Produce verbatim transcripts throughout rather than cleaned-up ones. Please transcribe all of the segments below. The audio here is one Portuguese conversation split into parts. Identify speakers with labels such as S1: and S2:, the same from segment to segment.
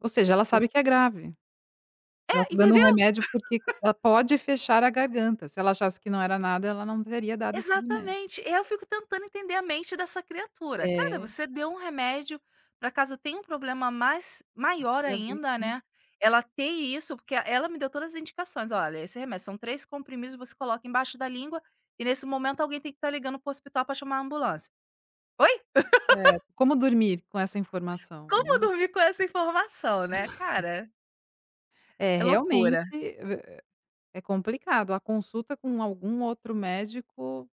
S1: Ou seja,
S2: Por
S1: sabe que é grave. Ela
S2: É,
S1: está dando um
S2: entendeu.
S1: remédio, porque ela pode fechar a garganta, se ela achasse que não era nada ela não teria dado esse remédio.
S2: Exatamente, e aí eu fico tentando entender a mente dessa criatura. Cara,
S1: É.
S2: você deu um remédio para casa tem um problema mais maior
S1: Eu vi
S2: ainda,
S1: sim.
S2: né, ela ter isso porque ela me deu todas as indicações, olha esse remédio são três comprimidos você coloca embaixo da língua e nesse momento alguém tem que estar ligando para o hospital para chamar a ambulância. Oi?
S1: É, como dormir com essa informação, né.
S2: Como dormir com essa informação, né, cara.
S1: É
S2: É
S1: realmente,
S2: loucura.
S1: é é complicado, a consulta com algum outro médico,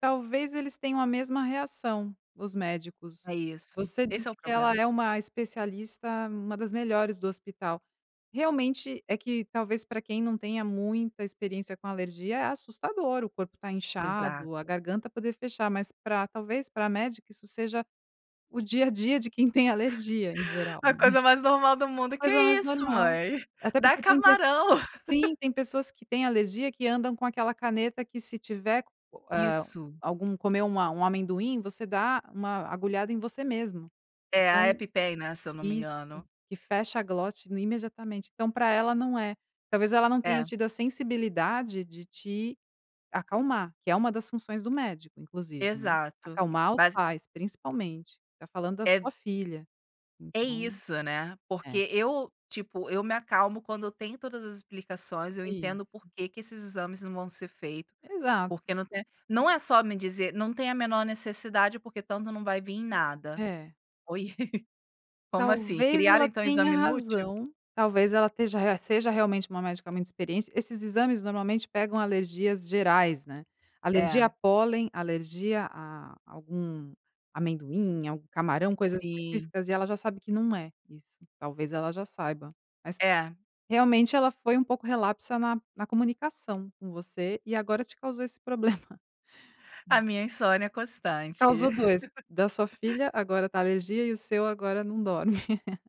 S1: talvez eles tenham a mesma reação, os médicos.
S2: É isso,
S1: Você
S2: esse
S1: disse
S2: é o
S1: que ela
S2: problema.
S1: é uma especialista, uma das melhores do hospital. Realmente é que talvez para quem não tenha muita experiência com alergia é assustador, o corpo está inchado, a
S2: Exato.
S1: garganta poder fechar, mas para talvez para médica isso seja o dia a dia de quem tem alergia em geral,
S2: A
S1: né.
S2: coisa mais normal do mundo, "Que
S1: Coisa
S2: é
S1: mais
S2: isso,
S1: normal,
S2: mãe,
S1: até
S2: dá
S1: porque tem
S2: camarão."
S1: sim tem pessoas que têm alergia que andam com aquela caneta que se tiver
S2: Isso.
S1: algum comer um, um amendoim, você dá uma agulhada em você mesmo,
S2: É a
S1: então,
S2: epi pen, né, se eu não me
S1: isso
S2: engano.
S1: e fecha a glote imediatamente, então para ela não é, talvez ela não tenha
S2: É.
S1: tido a sensibilidade de te acalmar, que é uma das funções do médico inclusive, né.
S2: Exato,
S1: Acalmar os
S2: mas
S1: pais principalmente, está falando da
S2: É.
S1: sua filha,
S2: É
S1: então,
S2: isso, né,
S1: é.
S2: porque eu, tipo, eu me acalmo quando eu tenho todas as explicações, eu
S1: É
S2: entendo
S1: isso.
S2: porque que esses exames não vão ser feito,
S1: Exato.
S2: porque não tem, não é só me dizer não tem a menor necessidade porque tanto não vai vim em nada.
S1: É.
S2: Oi, como assim,
S1: Talvez
S2: criaram
S1: ela
S2: então
S1: tenha
S2: exame inútil?
S1: razão, talvez ela esteja seja realmente uma médica muito experiência, esses exames normalmente pegam alergias gerais, né, alergia
S2: É.
S1: a pólen, alergia a algum amendoim, algum camarão, coisas
S2: Sim.
S1: específicas e ela já sabe que não é isso, talvez ela já saiba, mas
S2: É.
S1: realmente ela foi um pouco relapsa na na comunicação com você e agora te causou esse problema.
S2: A minha insônia é constante.
S1: Causou dois, da sua filha, agora da alergia e o seu agora não dorme.